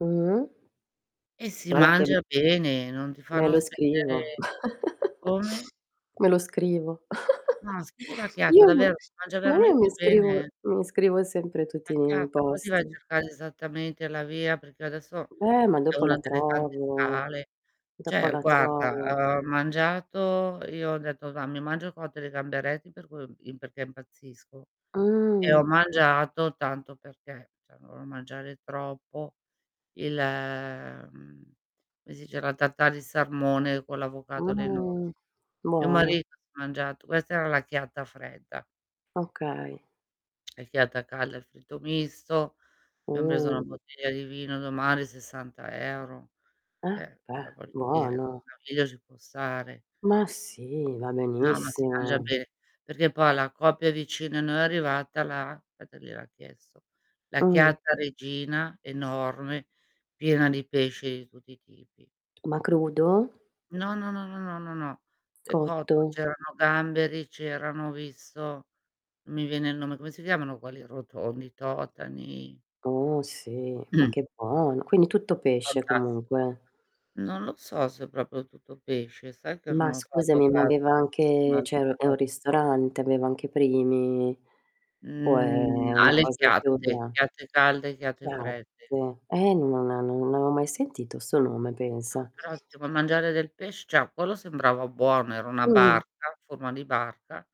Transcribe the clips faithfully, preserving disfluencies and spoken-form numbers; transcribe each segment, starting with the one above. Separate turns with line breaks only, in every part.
Mh-mh.
E si
guara che m
mangia bene, non ti
me
fanno
lo scrivo,
spendere come?
me lo scrivo.
No, scrivi "la chiatta"
Io mi
davvero, si mangia
ma io
veramente
mi scrivo
bene, eh.
mi scrivo sempre
"La
tutti nei
chiatta", poi ti vai a
posti.
cercare esattamente la via perché io adesso
Eh, ma
è
dopo
una
la
delle tante
trovo
sale.
dopo
ceh,
la trovo.
guarda, uhm, ho mangiato, io ho detto: "Va', mi mangio il cotto di gamberetti." Per cui, uhm, im perché impazzisco e ho
Mh!
mangiato tanto perché, ceh non volevo mangiare troppo il mhmm, come si dice la tartare di sarmone con l'avocado, le noci
Mh!
mio
Buono.
marito si è mangiato questa era la chiatta fredda.
Okay.
El chiatta calda, il fritto misto, abbiam preso una
Mh!
bottiglia di vino nomale sessanta euro.
Ah,
ceh,
beh,
cioè voglio dire,
buono.
una bottiglia ci può stare.
Ma sì, va
No ma si mangia
benissimo.
be perché poi alla coppia vicini a noi è arrivata la petta, gliel'ha chiesto, la
Mh.
chiatta regina, enorme, piena di pesce di tutti i tipi.
Ma crudo?
No, no, no, no, no, no, no, è cotto,
Cotto?
c'erano gamberi, c'erano ho visto, n mi viene il nome, come si chiamano quelli rotondi, i totani.
Oh sì, ma che buono. Quindi tutto pesce
Fantastico.
comunque.
Non lo so se è proprio tutto pesce, sai che
Ma
non ho fatto
scusami, ma
caso
aveva
se c'erano
anche,
altre
cioè u è un
cose.
ristorante, aveva anche primi o
Mhmm,
è una
Alle
cosa più
chiatte,
da
chiatte calde, chiatte fredde.
Chiatte, eh non non avevo mai sentito 'sto nome
No
pensa.
però se vuoi mangiare del pesc ceh quello sembrava buono, era una
Mh.
barca, a forma di barca,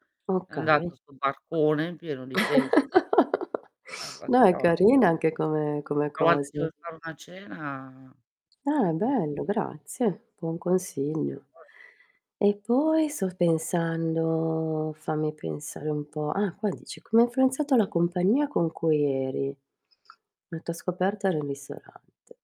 è
Okay.
andato 'sto barcone pieno di pesce [unintelligible] va
No
che
è
roba.
carina anche come come
A volte ci
cosa.
vuol fare una cena,
Ah
mh.
bello grazie, buon
Se
consiglio.
vuoi.
E poi sto pensando, fammi pensare un po', ah qua dici: "Come ha influenzato la compagnia con cui eri? La tua scoperta era un ristorante."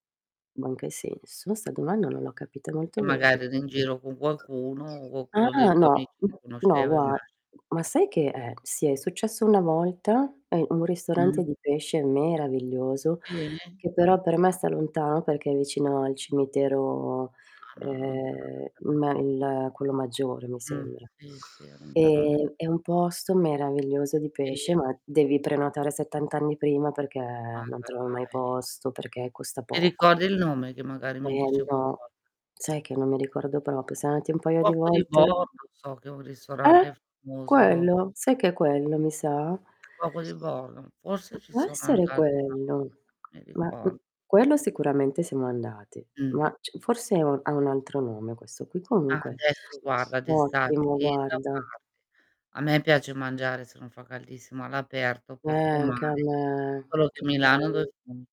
Ma in che senso? Io 'sta domanda non l'ho capita molto
Che
bene.
magari eri in giro con qualcuno, o quaccuno dei
Ah,
tuoi amici
no,
lo
no,
conosceva,
gua
immagino.
ma sai che eh sì, è successo una volta, a in un
Mh.
ristorante di pesce meraviglioso
Sì?
che però per me sta lontano perché è vicino al cimitero,
Ah no
ehm,
[unintelligible]
ma il quello maggiore mi
Mh,
sembra.
sì, sì, all'interno di
Ehm, è un posto meraviglioso di pesce,
Sì.
ma devi prenotare settant anni prima perché non trovi mai
[unintelligible]
posto, perché costa
Ti
poco.
ricordi il nome? Che magari
Eh
mi dice
no,
qualcosa?
sai che non mi ricordo propio, siamo andati un
Il
paio di
Cuoco di
volte.
Bordo so che è un
Eh!
ristorante famoso
Quello, sai che è quello mi sa?
Il Cuoco di Bordo, forse ci
Può
sono
essere
andata una volta
quello,
non mi
ma m
ricor
quello sicuramente siamo andati,
Mh.
ma c forse è u ha un altro nome questo qui
Ah
comunque
adesso, guarda, d'estate,
ottimo
tieni da
guarda.
parte, a me piace mangiare, se non fa caldissimo, all'aperto
Eh
per
anche a
fumare,
me,
solo che
che
Milano
bello.
[unintelligible]